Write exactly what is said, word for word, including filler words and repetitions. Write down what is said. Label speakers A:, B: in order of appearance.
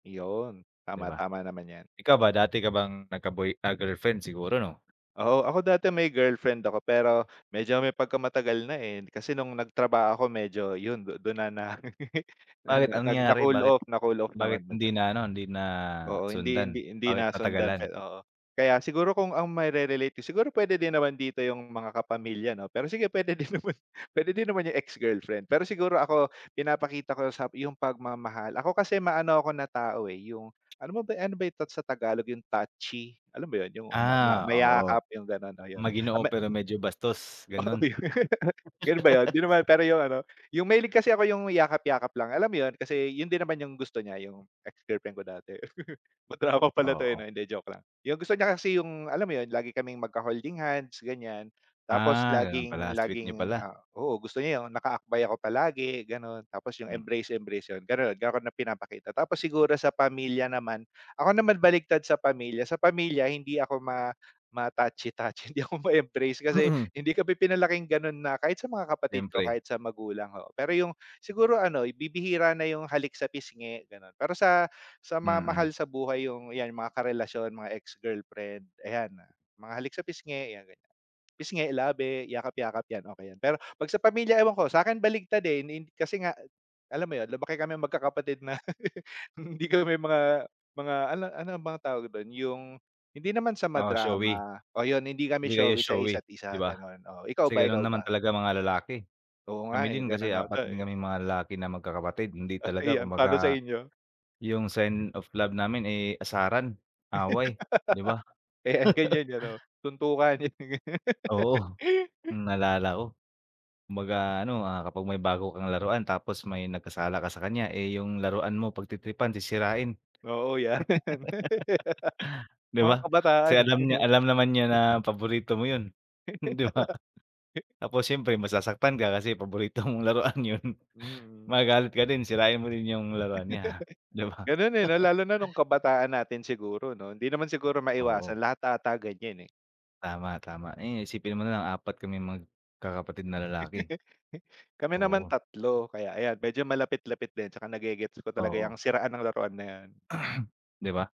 A: Iyon.
B: 'Di
A: Tama,
B: ba?
A: tama naman 'yan.
B: ikaw ba, dati ka bang nagka-boy, ah, girlfriend siguro 'no?
A: Oo. Ako dati may girlfriend ako, pero medyo may pagkamatagal na, eh. Kasi nung nagtrabaho ako, medyo yun du dun na na na
B: Bakit,
A: na
B: anong
A: na
B: nangyari?
A: na-cool
B: Bakit,
A: off, na-cool off
B: bakit
A: naman na
B: hindi
A: siya.
B: na ano, hindi
A: Oo, hindi hindi
B: nasundan?
A: hindi
B: Bakit
A: nasundan pa,
B: natagalan?
A: eh, oo. Kaya siguro kung ang maire-relate ko, siguro puwede din naman dito yung mga kapamilya, 'no. Pero sige, puwede din naman pwede din naman yung ex-girlfriend. Pero siguro ako, pinapakita ko sa yung pagmamahal. Ako kasi, maano ako na tao, eh, yung alam mo ba, ano ba yung tat sa Tagalog, yung touchy? Alam mo yun, yung ma ma
B: Ah, oo.
A: mayakap, yung gano'n, o, yun.
B: Maginoo
A: Ah, me
B: pero medyo bastos,
A: Oo.
B: gano'n.
A: Yun ba 'yon? Hindi naman, pero yung ano, yung mahilig kasi ako yung yakap-yakap lang, alam mo 'yon. Kasi yun din naman yung gusto niya, yung ex-girlfriend ko dati. Madrama pala 'to, eh,
B: Oo.
A: hindi, joke lang. Yung gusto niya kasi, yung alam mo 'yon, lagi kaming magkaholding-hands ganiyan, tapos
B: Ah, ganon pala,
A: laging
B: sweet niyo
A: laging,
B: pala.
A: ah oo, gusto niya yung nakaakbay ako palagi, gano'n. Tapos yung
B: Mm.
A: embrace, embrace, 'yon, garon, gano'n na pinapakita. Tapos siguro sa pamilya naman, ako naman baliktad sa pamilya. Sa pamilya, hindi ako ma ma-touchy-touchy, hindi ako ma-embrace kasi
B: Mm.
A: hindi kami pinalaking gano'n na, kahit sa mga kapatid ko,
B: Siyempre.
A: kahit sa magulang. Oo, pero yung siguro ano, bibihira na yung halik sa pisngi, gano'n. Pero sa sa mga
B: Mm.
A: mahal sa buhay, yung, 'yan, mga karelasyon, mga ex-girlfriend, ayan na, mga halik sa pisngi, ayan ganiyan, pisngi, labi, yakap-yakap 'yan, okey 'yan. Pero 'pag sa pamilya, ewan ko, sa'kin baliktad, eh, ni hin kasi nga alam mo 'yon, lumaki kaming magkakapatid na hindi kami mga mga ano, ano mga bang tawag dun, yung hindi naman sa
B: Oo, showy.
A: madrama o 'yon, hindi kami
B: Hindi kayo
A: showy sa
B: showy,
A: isa't
B: 'di
A: isa,
B: ba?
A: gan'on. Oh, ikaw
B: Kasi
A: ba,
B: ganun
A: Ikaw
B: naman
A: ba?
B: talaga mga lalaki.
A: Oo nga,
B: Kami
A: eh.
B: din kasi
A: Ganun ata,
B: apat din
A: eh.
B: kaming mga lalaki na magkakapatid, hindi
A: Ah,
B: talaga
A: ayan, pa'no sa
B: kumbaga,
A: inyo?
B: yung sign of love namin, eh, asaran, away, 'di ba?
A: Eh, ganiyan ano, suntukan yung ganun.
B: Oo, naalala ko. Kumbaga ano, ah, kapag may bago kang laruan tapos may nagkasala ka sa kanya, eh, yung laruan mo pagtitripan, sisirain,
A: Oo, 'yan.
B: 'di
A: Mga
B: ba? Kasi
A: kabataan, eh,
B: alam niya,
A: 'no.
B: alam naman niya na paborito mo yun, 'di ba? Tapos siyempre masasaktan ka kasi paborito mong laruan yun,
A: Mm.
B: magagalit ka din, sirain mo rin yung laruan niya, 'di ba?
A: Ganun, eh, la lalo na nung kabataan natin siguro 'no. Hindi naman siguro
B: Oo.
A: maiwasan, lahat ata ganiyan, eh.
B: Tama, tama. Ayun, isipin mo na lang, apat kaming magkakapatid na lalaki.
A: Kami naman
B: Oo.
A: tatlo, kaya ayan, medyo malapit-lapit din. Tsaka nagegets ko talaga 'yang
B: Oo.
A: siraan ng laruan na 'yan.
B: 'Di ba?